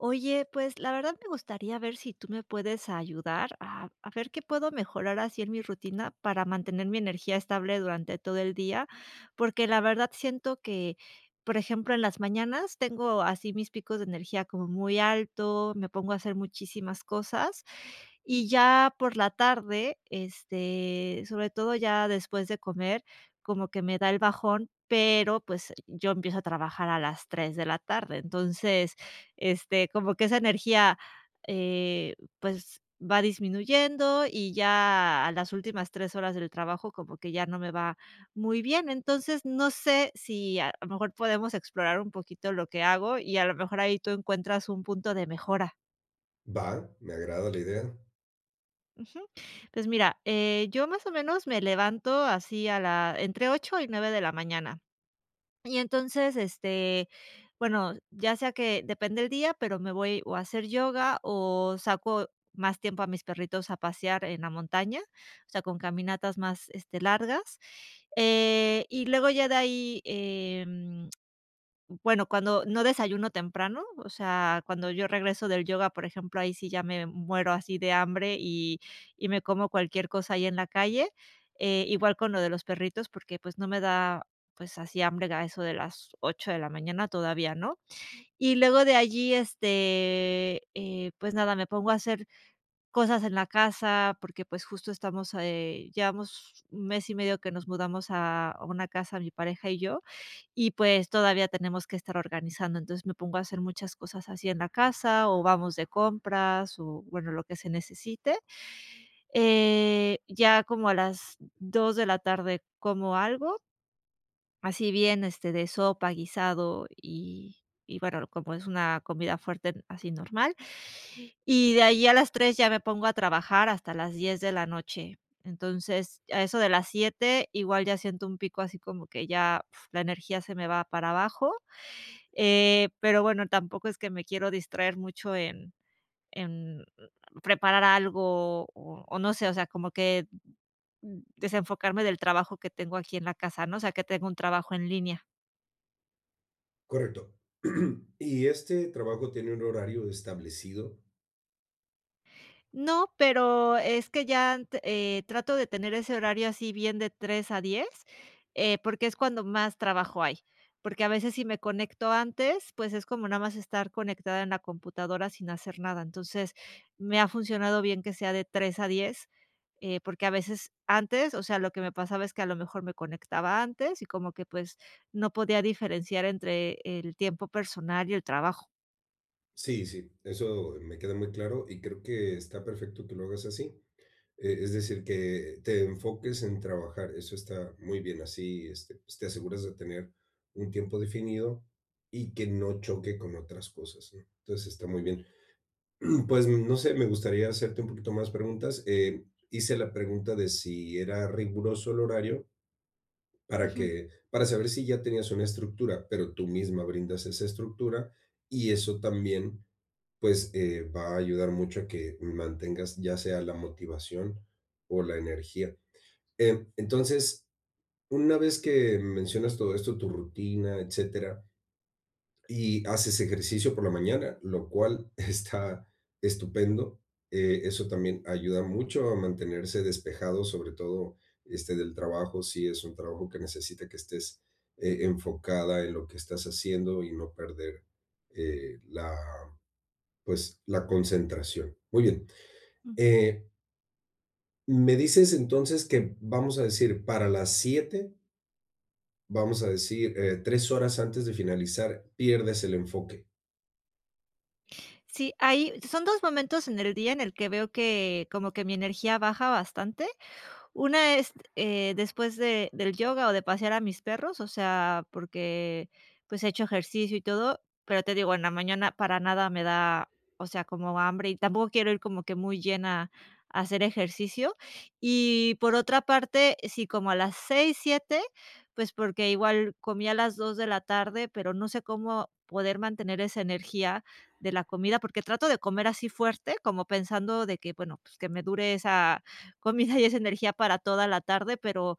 Oye, pues la verdad me gustaría ver si tú me puedes ayudar a a ver qué puedo mejorar así en mi rutina para mantener mi energía estable durante todo el día. Porque la verdad siento que, por ejemplo, en las mañanas tengo así mis picos de energía como muy alto, me pongo a hacer muchísimas cosas. Y ya por la tarde, este, sobre todo ya después de comer, como que me da el bajón, pero pues el yo empiezo a trabajar a las 3 de la tarde. Entonces, este, como que esa energía, eh, pues va disminuyendo, y ya a las últimas 3 horas del trabajo como que ya no me va muy bien. Entonces, no sé si a lo mejor podemos explorar un poquito lo que hago y a lo mejor ahí tú encuentras un punto de mejora. Va, me agrada la idea. Ujú. Pues mira, eh, yo más o menos me levanto así a la entre 8 y 9 de la mañana. Y entonces, este, bueno, ya sea que, depende el día, pero me voy o a hacer yoga o saco más tiempo a mis perritos a pasear en la montaña, o sea, con caminatas más, este, largas. Eh, y luego ya de ahí, em, bueno cuando no desayuno temprano, o sea, cuando yo regreso del yoga, por ejemplo, ahí sí ya me, mm, muero así de hambre y y me como cualquier cosa ahí en la calle. Eh, igual con lo de los perritos, porque pues no me da, pues, así hambre a eso de las 8 de la mañana, todavía no. Y luego de allí, este, eh, pues nada, me pongo a hacer cosas en la casa porque, pues justo estamos a eh, llevamos mes y medio que nos mudamos a una casa mi pareja y yo, y pues todavía tenemos que estar organizando. Entonces, me pongo a hacer muchas cosas así en la casa o vamos de compras o bueno, lo que se necesite. Eh, ya como a las 2 de la tarde como algo así bien, este, de sopa, guisado y y bueno, como es una comida fuerte así normal. Y de ahí a las 3 ya me pongo a trabajar hasta las 10 de la noche. Entonces, a eso de las 7, igual ya siento un pico así como que ya la energía se me va para abajo. Eh, pero bueno, tampoco es que me quiero distraer mucho en en preparar algo, o o no sé, o sea, como que mm, desenfocarme del trabajo que tengo aquí en la casa, ¿no? O sea, que tengo un trabajo en línea. Correcto, ¿y este trabajo tiene un horario establecido? No, pero es que ya ant eh, trato de tener ese horario así bien de 3:00-10:00, eh, porque es cuando más trabajo hay, porque a veces si me conecto antes, pues es como nada más estar conectada en la computadora sin hacer nada. Entonces, me ha funcionado bien que sea de 3:00-10:00, eh, porque a veces antes, o sea, lo que me pasaba es que a lo mejor me conectaba antes y como que, pues, no podía diferenciar entre el tiempo personal y el trabajo. Sí, sí, eso me queda muy claro, y creo que está perfecto que lo hagas así, eh, es decir, que te enfoques en trabajar, eso está muy bien así, este, pues, te aseguras de tener un tiempo definido y que no choque con otras cosas, ¿no?, entonces, está muy bien. Pues, no sé, me gustaría hacerte un poquito más preguntas, eh, hice la pregunta de si era riguroso el horario para Ujú. que para saber si ya tenías una estructura, pero tú misma brindas esa estructura, y eso también, pues, eh, va a ayudar mucho a que mantengas, ya sea la motivación o la energía, eh, entonces, una vez que mencionas todo esto, tu rutina, etcétera, y haces ejercicio por la mañana, lo cual está estupendo, eh, eso también ayuda mucho a mantenerse despejado, sobre todo, este, del trabajo, si es un trabajo que necesita que estés, eh, enfocada en lo que estás haciendo y no perder, eh, la, pues, la concentración. Muy bien, Mm. eh ¿Me dices entonces que, vamos a decir, para las 19:00 vamos a decir, eh, 3 horas antes de finalizar pierdes el enfoque? Sí, ahí Son 2 momentos en el día en el que veo que como que mi energía baja bastante. Una es, eh, después de del yoga o de pasear a mis perros, o sea, porque, pues he hecho ejercicio y todo, pero te digo, en la mañana para nada me da, o sea, como hambre y tampoco quiero ir como que muy llena a hacer ejercicio. Y por otra parte, sí, como a las 18:00, 19:00, pues porque igual comí a las 14:00 pero no sé cómo poder mantener esa energía de la comida, porque trato de comer así fuerte, como pensando de que, bueno, pues que me dure esa comida y esa energía para toda la tarde, pero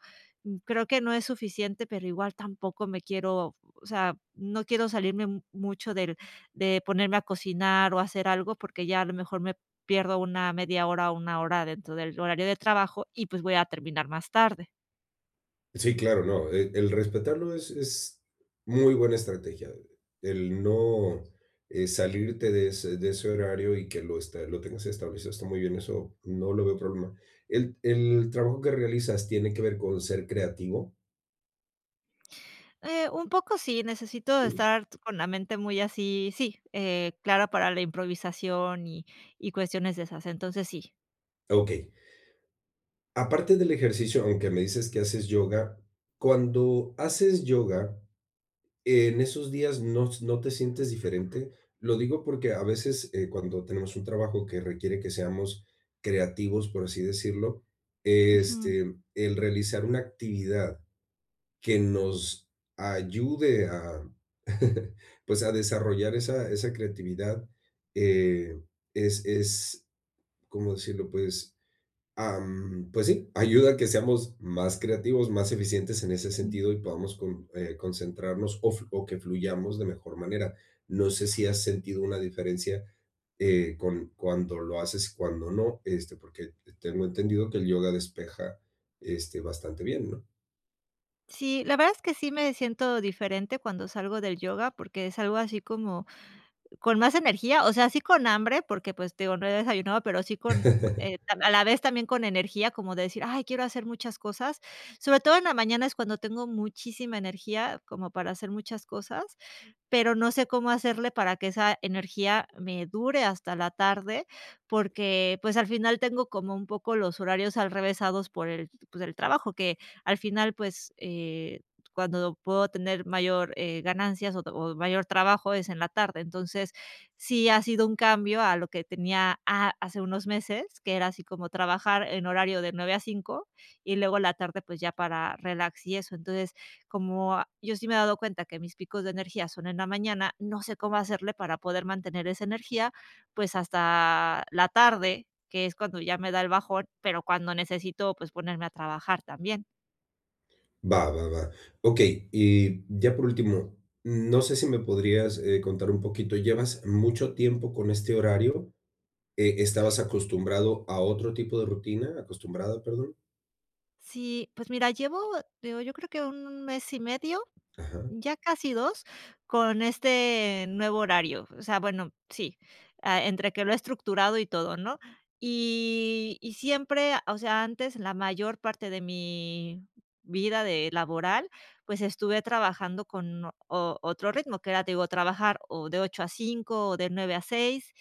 creo que no es suficiente, pero igual tampoco me quiero, o sea, no quiero salirme mu mucho del de ponerme a cocinar o hacer algo, porque ya a lo mejor me pierdo 1 media hora o 1 hora dentro del horario de trabajo y, pues, voy a terminar más tarde. Sí, claro, no, el el respetarlo es es muy buena estrategia, el no, eh, salirte de ese de ese horario, y que lo, este, lo tengas establecido, está muy bien, eso no lo veo problema. ¿El el trabajo que realizas tiene que ver con ser creativo? Eh, un poco sí, necesito de Sí. estar t con la mente muy así Sí, eh, clara para la improvisación, y y cuestiones de esas. Entonces, sí. Okey. Aparte del ejercicio, aunque me dices que haces yoga, cuando haces yoga, ¿en esos días no s no te sientes diferente? Lo digo porque a veces, eh, cuando tenemos un trabajo que requiere que seamos creativos, por así decirlo, Ujú. este, el realizar una actividad que nos ayude a, pues, a desarrollar esa esa creatividad, eh, es es, ¿cómo decirlo? Pues, am, pues sí, ayuda a que seamos más creativos, más eficientes en ese Mm. sentido, y podamos con eh, concentrarnos, o flu o que fluyamos de mejor manera. No sé si has sentido una diferencia, eh, con Cuando lo haces, y cuando no, este, porque te tengo entendido que el yoga despeja, este, bastante bien, ¿no? Sí, la verdad es que sí me siento diferente cuando salgo del yoga, porque salgo así como con más energía. O sea, sí con hambre, porque, pues, te digo, no he desayunado, pero, sí con eh, a la vez también con energía, como de decir: "Ay, quiero hacer muchas cosas", sobre todo en la mañana es cuando tengo muchísima energía como para hacer muchas cosas, pero no sé cómo hacerle para que esa energía me dure hasta la tarde. Porque, pues, al final tengo como un poco los horarios alrevesados por el, pues, el trabajo, que al final, pues, eh, cuando puedo tener mayor, eh, ganancias, o o mayor trabajo es en la tarde. Entonces, sí ha sido un cambio a lo que tenía a hace unos meses, que era así como trabajar en horario de 9 a 5, y luego la tarde, pues, ya para relax y eso. Entonces, como, ah, yo sí me he dado cuenta que mis picos de energía son en la mañana, no sé, cómo hacerle para poder mantener esa energía, pues, hasta la tarde, que es cuando ya me da el bajón, pero cuando necesito, pues, ponerme a trabajar también. Va, va, va. Okey, y ya por último, mm, no sé si me podrías, eh, contar un poquito, ¿llevas mucho tiempo con este horario? Eh, ¿estabas acostumbrado a otro tipo de rutina?, acostumbrada, perdón. Sí, pues, mira, llevo digo yo creo que 1 mes y medio, Ajá. ya casi 2, con este nuevo horario, o sea, bueno, sí, ah, entre que lo he estructurado y todo, ¿no?, y y siempre, o sea, antes, la mayor parte de mi vida de laboral, pues, estuve trabajando con o otro ritmo, que era, te digo, trabajar o de 8:00-5:00 o de 9:00-6:00,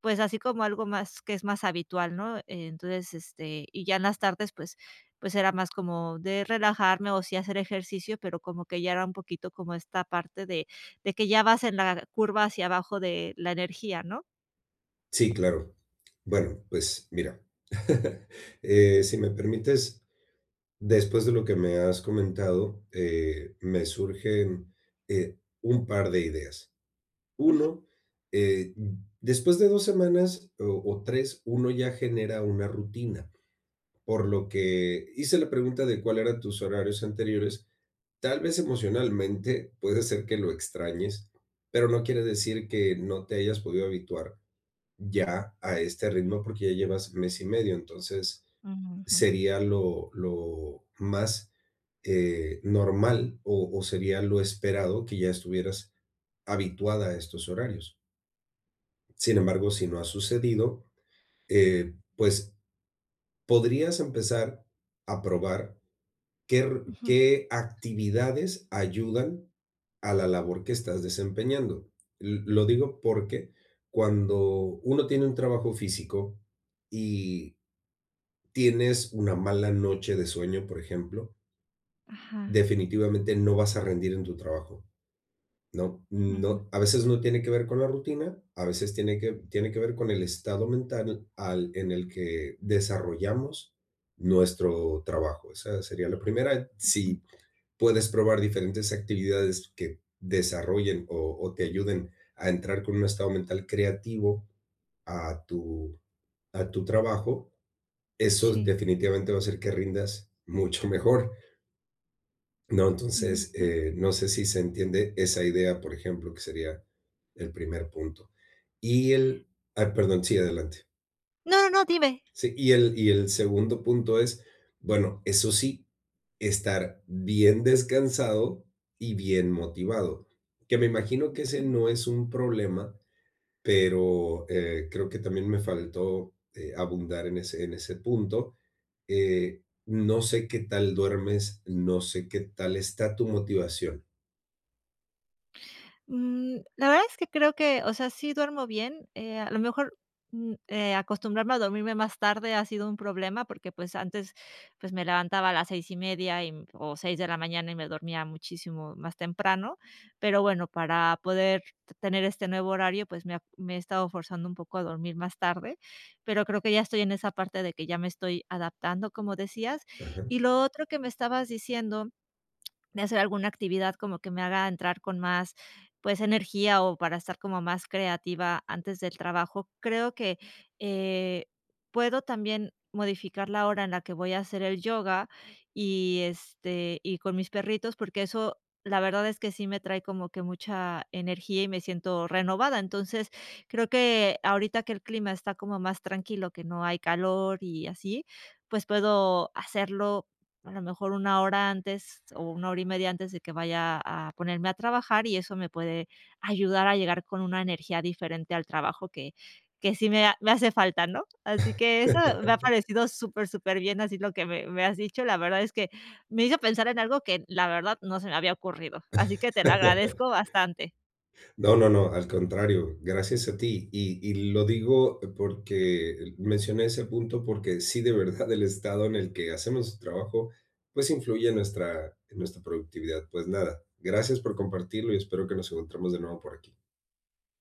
pues, así como algo más que es más habitual, ¿no?, eh, entonces, este, y ya en las tardes, pues pues, era más como de relajarme o sí hacer ejercicio, pero como que ya era un poquito como esta parte de de que ya vas en la curva hacia abajo de la energía, ¿no? Sí, claro. Bueno, pues, mira, eh, si me permites, después de lo que me has comentado, eh, me surgen, eh, un par de ideas. Ujú. Uno, eh, después de 2 semanas o o 3, uno ya genera una rutina, por lo que hice la pregunta de cuál eran tus horarios anteriores, tal vez, emocionalmente, puede ser que lo extrañes, pero no quiere decir que no te hayas podido habituar ya a este ritmo, porque ya llevas mes y medio, entonces Ujú, jum. sería lo lo más, eh, normal o o sería lo esperado que ya estuvieras habituada a estos horarios. Sin embargo, si no ha sucedido, eh, pues, podrías empezar a probar qué ru Ujú. qué actividades ayudan a la labor que estás desempeñando. L lo digo porque cuando uno tiene un trabajo físico y tienes una mala noche de sueño, por ejemplo Ajá. definitivamente, no vas a rendir en tu trabajo. No Ujú. no, a veces no tiene que ver con la rutina, a veces tiene que v tiene que ver con el estado mental al en el que desarrollamos nuestro trabajo, esa sería la primera, Ujú. si puedes probar diferentes actividades que desarrollen o o te ayuden a entrar con un estado mental creativo a tu a tu trabajo, esos, Sí. definitivamente, va a hacer que rindas mucho mejor ¿no? Ujú, Entonces, mm. eh, no sé si se entiende esa idea, por ejemplo, que sería el primer punto, y el Ay, perdón, sí, adelante. No, no, dime. Sí, y el y el segundo punto es, bueno, eso sí, estar bien descansado y bien motivado, que me imagino que ese Ujú. no es un problema, pero, eh, creo que también me faltó, eh, abundar en ese en ese punto, eh, no sé, qué tal duermes, So sé, qué tal está tu motivación. Mm, la verdad es que creo que, o sea, sí duermo bien, eh, a lo mejor, mm, eh, acostumbrarme a dormirme más tarde ha sido un problema, porque, pues, antes, pues, me levantaba a las 6 y media, y em, o 6 de la mañana y me dormía muchísimo más temprano. Pero bueno, para poder te tener este nuevo horario, pues, me ha me he estado forzando un poco a dormir más tarde, pero creo que ya estoy en esa parte de que ya me estoy adaptando, como decías. Ajá. Y lo otro que me estabas diciendo de hacer alguna actividad como que me haga entrar con más, pues, energía o para estar como más creativa antes del trabajo, creo que, eh, puedo también modificar la hora en la que voy a hacer el yoga y, este, y con mis perritos, porque eso, la verdad, es que sí me trae como que mucha energía y me siento renovada. Entonces, creo que ahorita que el clima está como más tranquilo, que no hay calor y así, pues, puedo hacerlo, a lo mejor, 1 hora antes o 1 hora y media antes de que vaya a ponerme a trabajar y eso me puede ayudar a llegar con una energía diferente al trabajo que que sí me ha me hace falta, ¿no? Así que eso me ha parecido súper, superbién, así lo que me me has dicho. La verdad es que me hizo pensar en algo que, la verdad, no se me había ocurrido, así que te lo agradezco bastante. No, no, no, al contrario, gracias a ti. Y y lo digo porque mencioné ese punto, porque sí de verdad el estado en el que hacemos nuestro trabajo, pues, influye en nuestra en nuestra productividad. Pues, nada, gracias por compartirlo y espero que nos encontremos de nuevo por aquí.